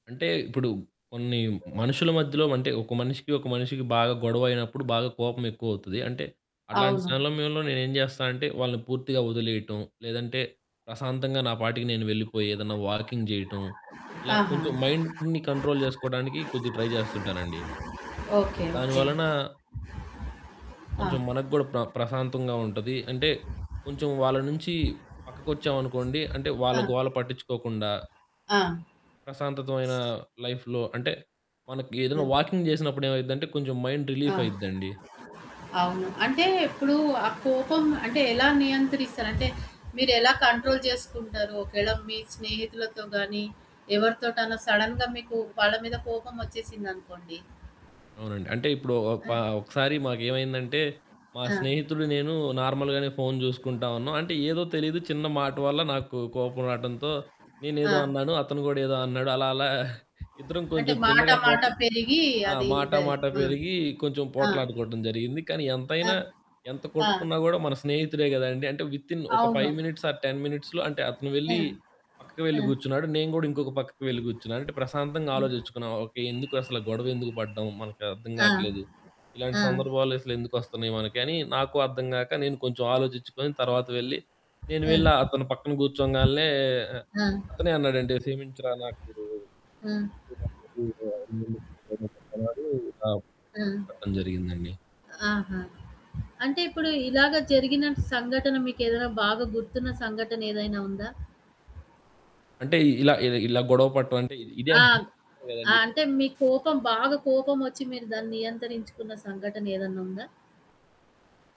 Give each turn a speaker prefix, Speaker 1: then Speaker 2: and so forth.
Speaker 1: అంటే ఇప్పుడు కొన్ని మనుషుల మధ్యలో అంటే ఒక మనిషికి ఒక మనిషికి బాగా గొడవైనప్పుడు బాగా కోపం ఎక్కువవుతది. అంటే అట్లాంటి
Speaker 2: అవును.
Speaker 1: సమయంలో నేను ఏం జేస్తానంటే వాళ్ళని పూర్తిగా వదిలేయటం, లేదంటే ప్రశాంతంగా నా పాటికి నేను వెళ్ళిపోయి ఏదైనా వాకింగ్ జేయటం ఇలా
Speaker 2: ఆహా!
Speaker 1: కొంచెం మైండ్‌ని కంట్రోల్ జేసుకోవడానికి కొద్దిగా ట్రై జేస్తుంటానండి.
Speaker 2: ఓకే.
Speaker 1: దాని
Speaker 2: ఒకే.
Speaker 1: వలన
Speaker 2: ఆ!
Speaker 1: కొంచెం మనకు గూడా ప్ర ప్రశాంతంగా ఉంటది. అంటే కొంచెం వాళ్ళ నుంచి పక్కకొచ్చామనుకోండి అంటే వాళ్ళ
Speaker 2: ఆ!
Speaker 1: గోల పట్టిచ్చుకోకుండా...
Speaker 2: ఆ!
Speaker 1: ప్రశాంతతమైన లైఫ్‌లో అంటే మనకి ఏదైనా
Speaker 2: ఆ!
Speaker 1: వాకింగ్ జేసినప్పుడు ఏమైద్దంటే కొంచెం మైండ్ రిలీఫ్
Speaker 2: ఆ!
Speaker 1: అయిద్దండి.
Speaker 2: అవును. అంటే ఇప్పుడు ఆ కోపం అంటే ఎలా నియంత్రిస్తారు? అంటే మీరెలా కంట్రోల్ చేసుకుంటారు? ఒకేళ మీ స్నేహితులతో గాని ఎవరితోటనా సడెన్‌గా మీకు వాళ్ళ మీద కోపమొచ్చేసిందనుకోండి.
Speaker 1: అవునండి. అంటే ఇప్పుడు
Speaker 2: ఆ!
Speaker 1: ఒపా ఒకసారి మాకేమైందంటే మా
Speaker 2: ఆ!
Speaker 1: స్నేహితుడు నేను నార్మల్‌గానే ఫోను జూసుకుంటా ఉన్నాం. అంటే ఏదో తెలీదు చిన్న మాట వల్ల నాకు కోపం రాటంతో
Speaker 2: ఆ!
Speaker 1: నేనేదో అన్నాను. అతను గూడా ఏదో అన్నాడు. అలా అలా ఇద్దరం
Speaker 2: అంటే
Speaker 1: కొంచెం
Speaker 2: మాట
Speaker 1: చిన్నగా
Speaker 2: మాట
Speaker 1: పోటల్
Speaker 2: పెరిగి
Speaker 1: ఆ!
Speaker 2: అది
Speaker 1: మాట
Speaker 2: ఇదై
Speaker 1: మాట పెరిగి కొంచెం
Speaker 2: ఆ! ఆ!
Speaker 1: పోట్లాడుకోవటం జరిగింది. కానీ
Speaker 2: ఆ!
Speaker 1: ఎంతైనా, ఎంత
Speaker 2: ఆ!
Speaker 1: కొట్టుకున్నా గూడా మన స్నేహితుడే గదండీ! అంటే వితిన్ ఒక
Speaker 2: అవును.
Speaker 1: 5 మినిట్స్ ఆర్ 10 మినిట్స్‌లో అంటే అతను వెళ్లి
Speaker 2: హ్మ్.
Speaker 1: పక్కకు వెళ్ళి
Speaker 2: హ్మ్.
Speaker 1: గూర్చున్నాడు. నేను గూడా ఇంకొక పక్కకి వెళ్లి గూర్చున్నాను. అంటే ప్రశాంతంగా
Speaker 2: హ్మ్.
Speaker 1: ఆలోజిచ్చుకున్నాం. ఓకే. ఎందుకు అసలు, గొడవెందుకు పడ్డాం? మనకు అర్థం
Speaker 2: ఆ!
Speaker 1: గాట్లేదు ఇలాంటి
Speaker 2: ఆ!
Speaker 1: సందర్భాలు అసలెందుకు వస్తున్నాయి మనకి అని, నాకు అర్థం గాక నేను కొంచెం ఆలోజిచ్చుకొని తర్వాత వెళ్లి నేను
Speaker 2: హ్మ్.
Speaker 1: వెళ్ళి అతని పక్కన కూర్చోంగాల్నే
Speaker 2: ఆ!
Speaker 1: అతనే అన్నాడండి "క్షమించరా నాకు"
Speaker 2: హ్మ్.
Speaker 1: ఎందుకంతటి ఈగో [unintelligible] ఆప్
Speaker 2: హ్మ్.
Speaker 1: [unintelligible] జరిగిందండి.
Speaker 2: ఆహా! అంటే ఇప్పుడు ఇలాగ జరిగిన సంఘటన, మీకేదైనా బాగా గుర్తున్న సంఘటన ఏదైనా ఉందా?
Speaker 1: అంటే ఇలా ఇ ఇలా గొడవ పడటం అంటే ఇదే
Speaker 2: ఆ!
Speaker 1: అండి.
Speaker 2: హ్మ్.
Speaker 1: కదండి
Speaker 2: అంటే మీ కోపం బాగా కోపమొచ్చి మీరు దాన్ని నియంత్రించుకున్న సంఘటనేదన్నుందా?